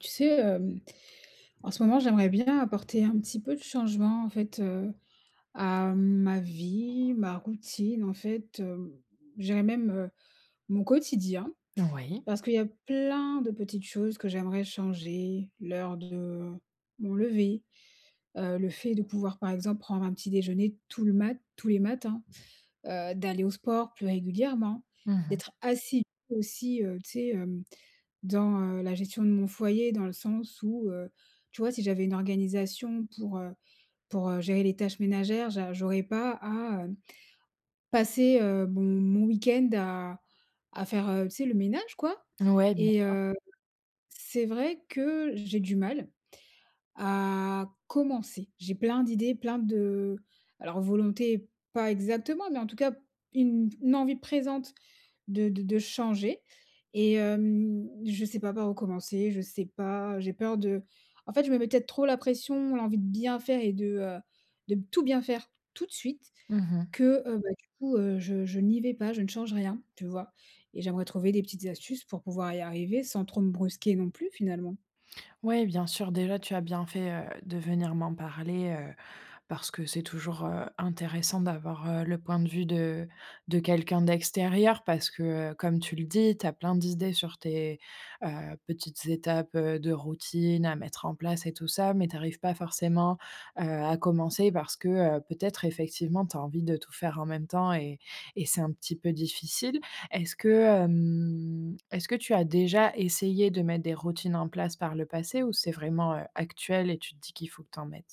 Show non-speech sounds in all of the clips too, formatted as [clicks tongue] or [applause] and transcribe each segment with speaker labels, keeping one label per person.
Speaker 1: Tu sais, hem, en ce moment, j'aimerais bien apporter un petit peu de changement en fait, heu, à ma vie, ma routine, en fait, hem, je dirais même, heu, mon quotidien.
Speaker 2: Oui.
Speaker 1: Parce qu'il y a plein de petites choses que j'aimerais changer, l'heure de mon lever, heu, le fait de pouvoir, par exemple, prendre un petit déjeuner tout le mat tous les matins. Heu, d'aller au sport plus régulièrement,
Speaker 2: Mmh mh.
Speaker 1: d'être assidue aussi, heu, tu sais, hem, dans, heu, la gestion de mon foyer dans le sens où, heu, tu vois si j'avais une organisation pour, heu pour, heu, gérer les tâches ménagères, je j'aurais pas à, heu, passer, heu, mon mon week end à à faire, heu, tu sais le ménage quoi
Speaker 2: Ouais, bien
Speaker 1: et
Speaker 2: sûr.
Speaker 1: heu, c'est vrai que j'ai du mal, à commencer. J'ai plein d'idées, plein de heu, alors volonté pas exactement, mais en tout cas, une une envie présente de de de changer et hem, je sais pas par où commencer, je sais pas, j'ai peur de en fait, je mets peut-être trop la pression, l'envie de bien faire et de, heu, de tout bien faire tout de suite,
Speaker 2: Mmh mh.
Speaker 1: que, heu, bah, du coup, heu, je je n'y vais pas, je ne change rien, tu vois? Et j'aimerais trouver des petites astuces pour pouvoir y arriver sans trop me brusquer non plus, finalement.
Speaker 2: Ouais, bien sûr, déjà tu as bien fait, heu, de venir m'en parler, heu, parce que c'est toujours, heu, intéressant d'avoir, heu, le point de vue de de quelqu'un d'extérieur parce que, heu, comme tu le dis, tu as plein d'idées sur tes, heu, petites étapes, heu, de routine à mettre en place et tout ça, mais tu arrives pas forcément, heu, à commencer parce que, heu, peut-être effectivement tu as envie de tout faire en même temps et et c'est un petit peu difficile. Est-ce que hem est-ce que tu as déjà essayé de mettre des routines en place par le passé ou c'est vraiment, heu, actuel et tu te dis qu'il faut que tu en mettes?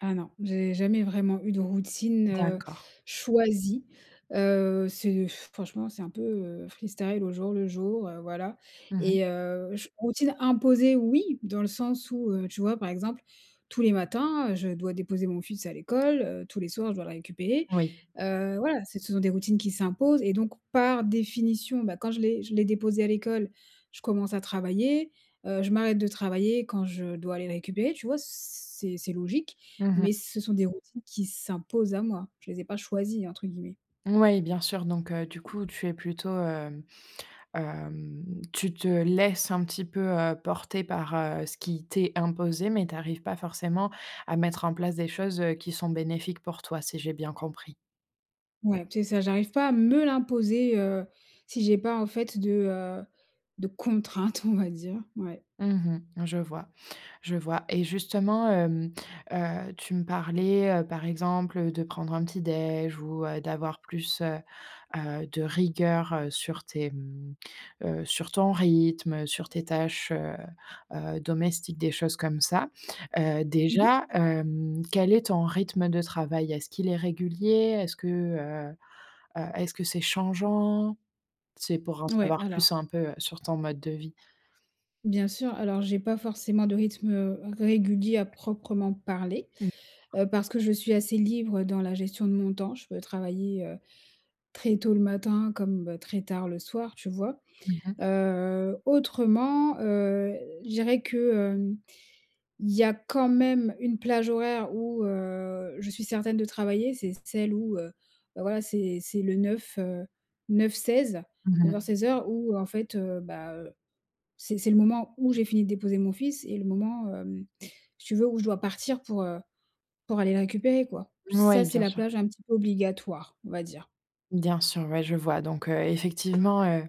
Speaker 1: Ah non. J'ai jamais vraiment eu de routine, heu,
Speaker 2: D'accord.
Speaker 1: choisie. Heu, c'est [blows air] franchement, c'est un peu, heu, freestyle au jour le jour, heu, voilà
Speaker 2: Mmh mh.
Speaker 1: et heu, j routine imposée oui, dans le sens où, heu, tu vois, par exemple, tous les matins, heu, je dois déposer mon fils à l'école, heu, tous les soirs je dois le récupérer.
Speaker 2: Oui.
Speaker 1: Heu, voilà, ce sont des routines qui s'imposent et donc par définition, bah quand je l'ai je l'ai déposé à l'école, je commence à travailler. Heu, je m'arrête de travailler quand je dois aller le récupérer, tu vois? C c'est c'est logique
Speaker 2: Mmh mh.
Speaker 1: mais ce sont des routines qui s'imposent à moi. Je les ai pas «choisies» entre guillemets.
Speaker 2: Ouais, bien sûr, donc heu, du coup tu es plutôt, hem hem, tu te laisses un petit peu, heu, porter par, heu, ce qui t'est imposé, mais tu arrives pas forcément à mettre en place des choses, heu, qui sont bénéfiques pour toi, si j'ai bien compris.
Speaker 1: Ouais, c'est ça, j'arrive pas à me l'imposer, heu, si j'ai pas en fait de, heu, de contraintes, on va dire, ouais.
Speaker 2: Mmh mh. Je vois. Je vois et justement, hem, heu, tu me parlais, heu, par exemple, heu, de prendre un petit déj ou, heu, d'avoir, heu, plus, heu, heu, de rigueur, heu, sur tes, mmh, heu, sur ton rythme, sur tes tâches, heu, heu, domestiques, des choses comme ça. Heu,
Speaker 1: Mmh mh.
Speaker 2: déjà hem, quel est ton rythme de travail? Est-ce qu'il est régulier? Est-ce que, heu, heu, est-ce que c'est changeant? C'est pour en
Speaker 1: Ouais,
Speaker 2: savoir
Speaker 1: alors
Speaker 2: plus un peu, heu, sur ton mode de vie.
Speaker 1: Bien sûr, alors j'ai pas forcément de rythme, heu, régulier à proprement parler,
Speaker 2: Mmh.
Speaker 1: heu, parce que je suis assez libre dans la gestion de mon temps. Je peux travailler heu, très tôt le matin, comme très tard le soir tu vois?
Speaker 2: Mmh mh.
Speaker 1: Heu, autrement, heu, je dirais que, heu, il y a quand même une plage horaire où, heu, je suis certaine de travailler, c'est celle où, heu, bah, voilà, c'est c'est le 9, heu, 9-16,
Speaker 2: Mmh
Speaker 1: neuf
Speaker 2: mh.
Speaker 1: heures-seize heures ou en fait, heu, bah, heu, c'est c'est le moment où j'ai fini de déposer mon fils et le moment, hem, si tu veux où je dois partir pour, heu, pour aller le récupérer quoi. Ça
Speaker 2: Moui,
Speaker 1: c'est
Speaker 2: bien
Speaker 1: la
Speaker 2: sûr.
Speaker 1: plage un petit peu obligatoire on va dire.
Speaker 2: Bien sûr, ouais, je vois donc, heu, effectivement, heu,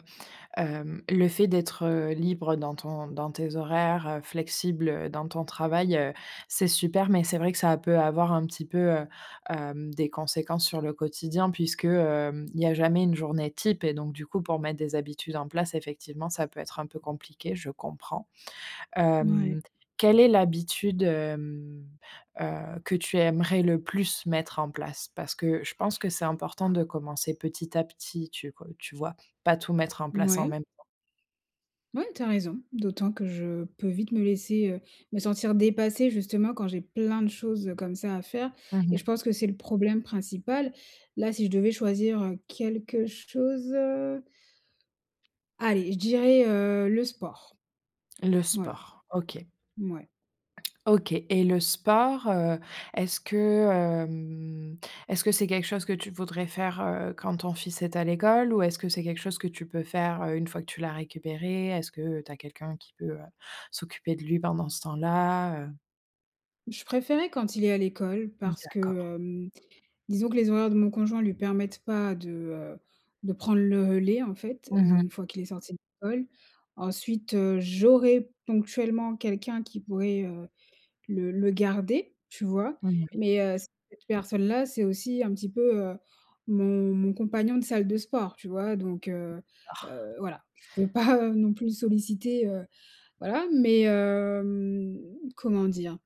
Speaker 2: hem le fait d'être libre dans ton dans tes horaires, heu, flexible, heu, dans ton travail, heu, c'est super. Mais c'est vrai que ça peut avoir un petit peu, heu, hem, des conséquences sur le quotidien puisque, hem, il y a jamais une journée type et donc du coup, pour mettre des habitudes en place, effectivement, ça peut être un peu compliqué, je comprends.
Speaker 1: Ouais.
Speaker 2: Hem, quelle est l'habitude hem, heu, que tu aimerais le plus mettre en place? Parce que je pense que c'est important de commencer petit à petit, tu, heu, tu vois, pas tout mettre en place en
Speaker 1: Mouais.
Speaker 2: même temps.
Speaker 1: Ouais, tu as raison, d'autant que je peux vite me laisser, heu, me sentir dépassée justement quand j'ai plein de choses, heu, comme ça à faire
Speaker 2: Mmh
Speaker 1: et je
Speaker 2: mh.
Speaker 1: pense que c'est le problème principal. Là, si je devais choisir, heu, quelque chose, heu allez, je dirais, heu, le sport.
Speaker 2: Le
Speaker 1: Voilà.
Speaker 2: sport. OK.
Speaker 1: Mouais.
Speaker 2: OK et le sport, heu, est-ce que, hem, est-ce que c'est quelque chose que tu voudrais faire, heu, quand ton fils est à l'école ou est-ce que c'est quelque chose que tu peux faire, heu, une fois que tu l'as récupéré? Est-ce que tu as quelqu'un qui peut, heu, s'occuper de lui pendant ce temps-là, heu?
Speaker 1: Je préférais quand il est à l'école parce
Speaker 2: D'accord.
Speaker 1: que hem, disons que les horaires de mon conjoint lui permettent pas de, heu, de prendre le relais, en fait,
Speaker 2: Mmh
Speaker 1: heu,
Speaker 2: mh.
Speaker 1: une fois qu'il est sorti de l'école. Ensuite, heu, j'aurais ponctuellement quelqu'un qui pourrait, heu, le le garder, tu vois?
Speaker 2: Mmh, mouais.
Speaker 1: Mais heu, cette personne-là, c'est aussi un petit peu, heu, mon mon compagnon de salle de sport, tu vois? Donc heu
Speaker 2: D'accord.
Speaker 1: heu, voilà, je peux pas, heu, non plus le solliciter, heu, voilà, mais hem, comment dire?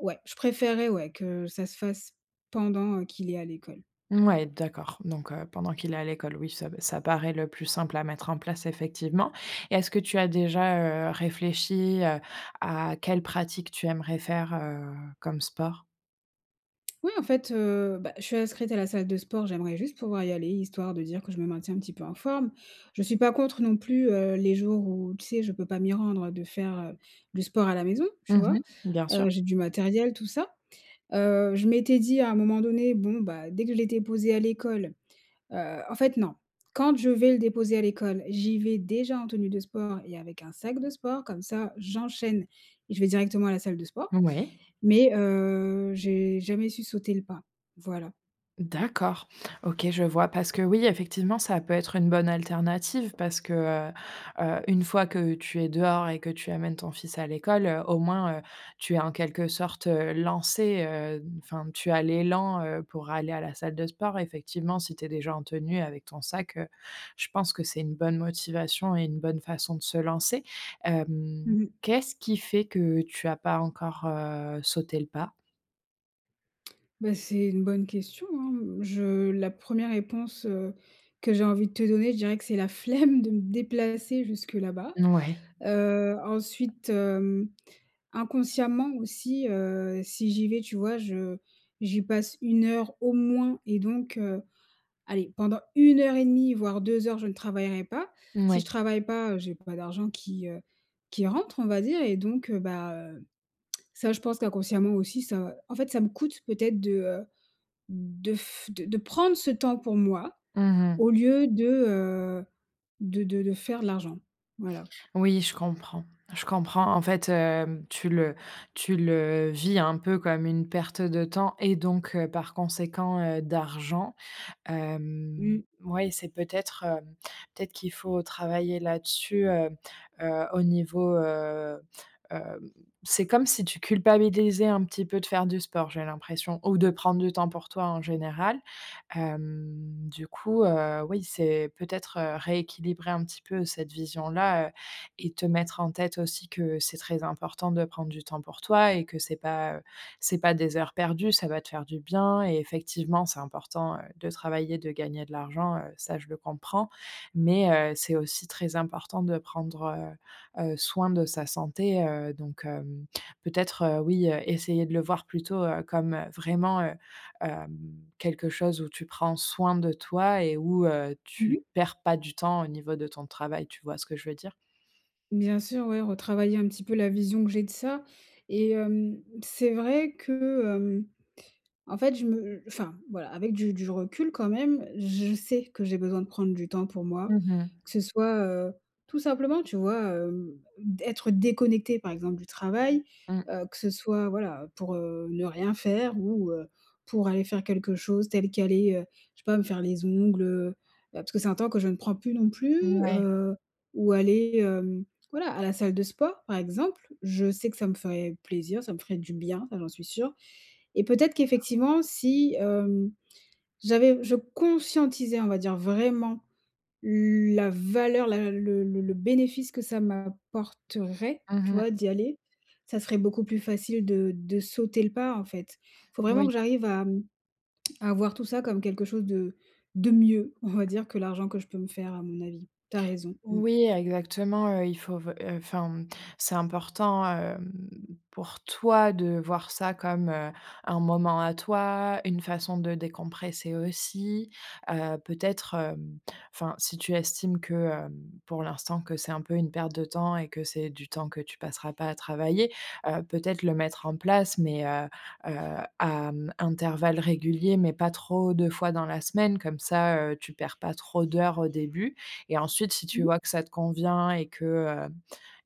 Speaker 1: Ouais, je préférerais, ouais, que ça se fasse pendant qu'il est à l'école.
Speaker 2: Mouais, d'accord. Donc heu, pendant qu'il est à l'école, oui ça p ça paraît le plus simple à mettre en place, effectivement. Et est-ce que tu as déjà, heu, réfléchi, heu, à quelle pratique tu aimerais faire, heu, comme sport?
Speaker 1: Ouais, en fait, heu, bah, je suis inscrite à la salle de sport. J'aimerais juste pouvoir y aller, histoire de dire que je me maintiens un petit peu en forme. Je suis pas contre non plus, heu, les jours où, tu sais? Je peux pas m'y rendre, heu, de faire, heu, du sport à la maison, tu
Speaker 2: Mmh
Speaker 1: vois?
Speaker 2: mh. Bien sûr.
Speaker 1: Heu, j'ai du matériel, tout ça, heu, je m'étais dit à un moment donné: «Bon, bah, dès que je l'ai déposé à l'école», heu, en fait, non, quand je vais le déposer à l'école, j'y vais déjà en tenue de sport et avec un sac de sport comme ça, j'enchaîne et je vais directement à la salle de sport
Speaker 2: Ouais.
Speaker 1: mais heu, j'ai jamais su sauter le pas, voilà.
Speaker 2: D'accord. OK, je vois parce que, oui, effectivement, ça peut être une bonne alternative parce que, heu heu, une fois que tu es dehors et que tu amènes ton fils à l'école, heu, au moins, heu, tu es en quelque sorte, heu, lancée, heu, enfin tu as l'élan, heu, pour aller à la salle de sport effectivement si tu es déjà en tenue, avec ton sac, heu, je pense que c'est une bonne motivation et une bonne façon de se lancer, hem,
Speaker 1: Mmh mh.
Speaker 2: qu'est-ce qui fait que tu as pas encore, heu, sauté le pas?
Speaker 1: Bah, c'est une bonne question, hein, mmh. Je la 1re réponse, heu, que j'ai envie de te donner, je dirais que c'est la flemme de me déplacer jusque là-bas,
Speaker 2: N ouais.
Speaker 1: heu, ensuite, hem, inconsciemment aussi, heu, si j'y vais, tu vois? Je j'y passe 1 heure au moins et donc heu, allez pendant 1 heure et 1/2 voire 2 heures, je ne travaillerai pas, si je
Speaker 2: Moui.
Speaker 1: travaille pas, heu, j'ai pas d'argent qui, heu, qui rentre, on va dire et donc, heu, bah, hem, [clicks tongue] ça, je pense qu'inconsciemment aussi ça en fait, ça me coûte peut-être de, heu, de f de de prendre ce temps pour moi
Speaker 2: Mmh
Speaker 1: au
Speaker 2: mh.
Speaker 1: lieu de, heu, de de de faire de l'argent. Voilà.
Speaker 2: Oui, je comprends je comprends. En fait, hem, tu le tu le vis un peu comme une perte de temps et donc heu, par conséquent, heu, d'argent, hem,
Speaker 1: Mmh.
Speaker 2: mouais, c'est peut-être, heu, peut-être qu'il faut travailler là-dessus, heu heu, au niveau, heu, hem, c'est comme si tu culpabilisais un petit peu de faire du sport, j'ai l'impression ou de prendre du temps pour toi, en général. Hem, du coup, heu, oui, c'est peut-être, heu, rééquilibrer un petit peu cette vision-là, heu et te mettre en tête aussi que c'est très important de prendre du temps pour toi et que c'est pas, heu, c'est pas des heures perdues, ça va te faire du bien et effectivement c'est important, heu, de travailler, de gagner de l'argent, heu, ça, je le comprends mais, heu, c'est aussi très important de prendre, heu heu, soin de sa santé, heu, donc hem, peut-être, heu, oui, heu, essayer de le voir plutôt, heu, comme, heu, vraiment, heu, hem, quelque chose où tu prends soin de toi et où, heu,
Speaker 1: Mmh mh.
Speaker 2: tu perds pas du temps au niveau de ton travail, tu vois ce que je veux dire?
Speaker 1: Bien sûr, ouais, retravailler un petit peu la vision que j'ai de ça et hem, c'est vrai que, hem, en fait, je me heu, enfin, voilà, avec du du recul quand même, je sais que j'ai besoin de prendre du temps pour moi
Speaker 2: Mmh mh.
Speaker 1: que ce soit, heu, tout simplement, tu vois? Hem, d'être déconnectée, par exemple du travail,
Speaker 2: Mmh.
Speaker 1: heu, que ce soit, voilà, pour, heu, ne rien faire ou, heu, pour aller faire quelque chose tel qu'aller, heu, je sais pas, me faire les ongles, heu, bah, parce que c'est un temps que je ne prends plus non plus,
Speaker 2: Mouais.
Speaker 1: heu, ou aller, hem, voilà, à la salle de sport par exemple. Je sais que ça me ferait plaisir, ça me ferait du bien, ça j'en suis sûre et peut-être qu'effectivement si hem, j'avais je conscientisais, on va dire vraiment la valeur, la le le le le bénéfice que ça m'apporterait, tu
Speaker 2: Mmh mh.
Speaker 1: vois? D'y aller, ça serait beaucoup plus facile de de sauter le pas, en fait. Il faut vraiment
Speaker 2: Oui.
Speaker 1: que j'arrive à, mmh, [clicks tongue] à voir tout ça comme quelque chose de de mieux, on va dire que l'argent que je peux me faire, à mon avis. Tu as raison. Mmh.
Speaker 2: Oui, exactement, heu, il faut f heu, enfin, mmh. C'est important, hem, pour toi de voir ça comme, heu, un moment à toi, une façon de décompresser aussi, heu, peut-être, hem, enfin, si tu estimes que, hem, pour l'instant que c'est un peu une perte de temps et que c'est du temps que tu passeras pas à travailler, heu, peut-être le mettre en place mais heu heu à mmh, intervalle régulier, mais pas trop de fois dans la semaine, comme ça, heu, tu perds pas trop d'heures au début et ensuite si tu
Speaker 1: Mmh mh.
Speaker 2: vois que ça te convient et que, heu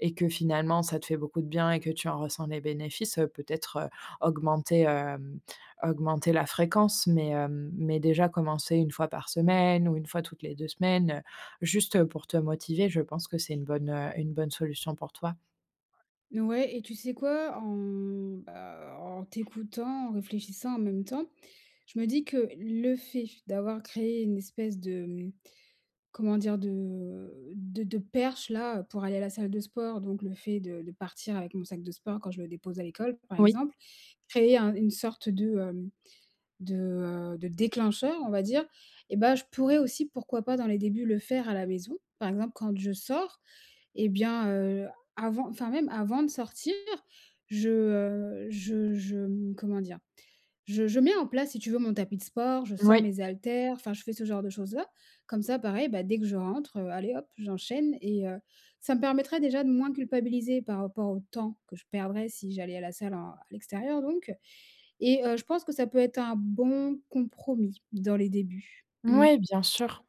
Speaker 2: et que finalement, ça te fait beaucoup de bien et que tu en ressens des bénéfices, heu, peut-être, heu, augmenter, hem, augmenter la fréquence mais hem, mais déjà commencer 1 fois par semaine ou 1 fois toutes les 2 semaines, heu, juste, heu, pour te motiver, je pense que c'est une bonne, heu, une bonne solution pour toi.
Speaker 1: Ouais et tu sais quoi en, mmh, bah, en t'écoutant en réfléchissant en même temps je me dis que le fait d'avoir créé une espèce de comment dire de, heu, de de perche là pour aller à la salle de sport donc le fait de de partir avec mon sac de sport quand je le dépose à l'école, par
Speaker 2: Oui.
Speaker 1: exemple, créer un une sorte de hem de, heu, de déclencheur on va dire et bah, je pourrais aussi pourquoi pas dans les débuts le faire à la maison, par exemple, quand je sors et bien, heu, avant enfin même avant de sortir je, heu, je je m comment dire? Je je mets en place si tu veux mon tapis de sport je sors
Speaker 2: Oui.
Speaker 1: mes haltères enfin je fais ce genre de choses là comme ça pareil, bah, dès que je rentre, heu, allez hop j'enchaîne et heu, ça me permettrait déjà de moins culpabiliser par rapport au temps que je perdrais si j'allais à la salle en à l'extérieur donc et heu, je pense que ça peut être un bon compromis dans les débuts. Mmh.
Speaker 2: Ouais bien sûr,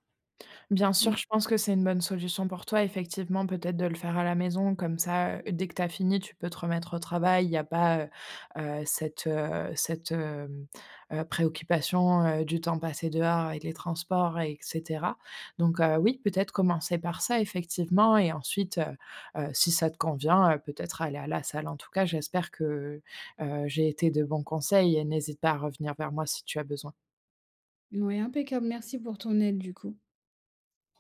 Speaker 2: bien sûr,
Speaker 1: Mmh.
Speaker 2: je pense que c'est une bonne solution pour toi effectivement peut-être de le faire à la maison comme ça, heu, dès que tu as fini, tu peux te remettre au travail, il y a pas, heu heu, cette, heu, cette, hem, heu, préoccupation, heu, du temps passé dehors avec les transports et cetera. Donc heu oui, peut-être commencer par ça effectivement et ensuite, heu, si ça te convient, heu, peut-être aller à la salle en tout cas, j'espère que, heu, j'ai été de bon conseil et n'hésite pas à revenir vers moi, si tu as besoin.
Speaker 1: Ouais impeccable merci pour ton aide du coup.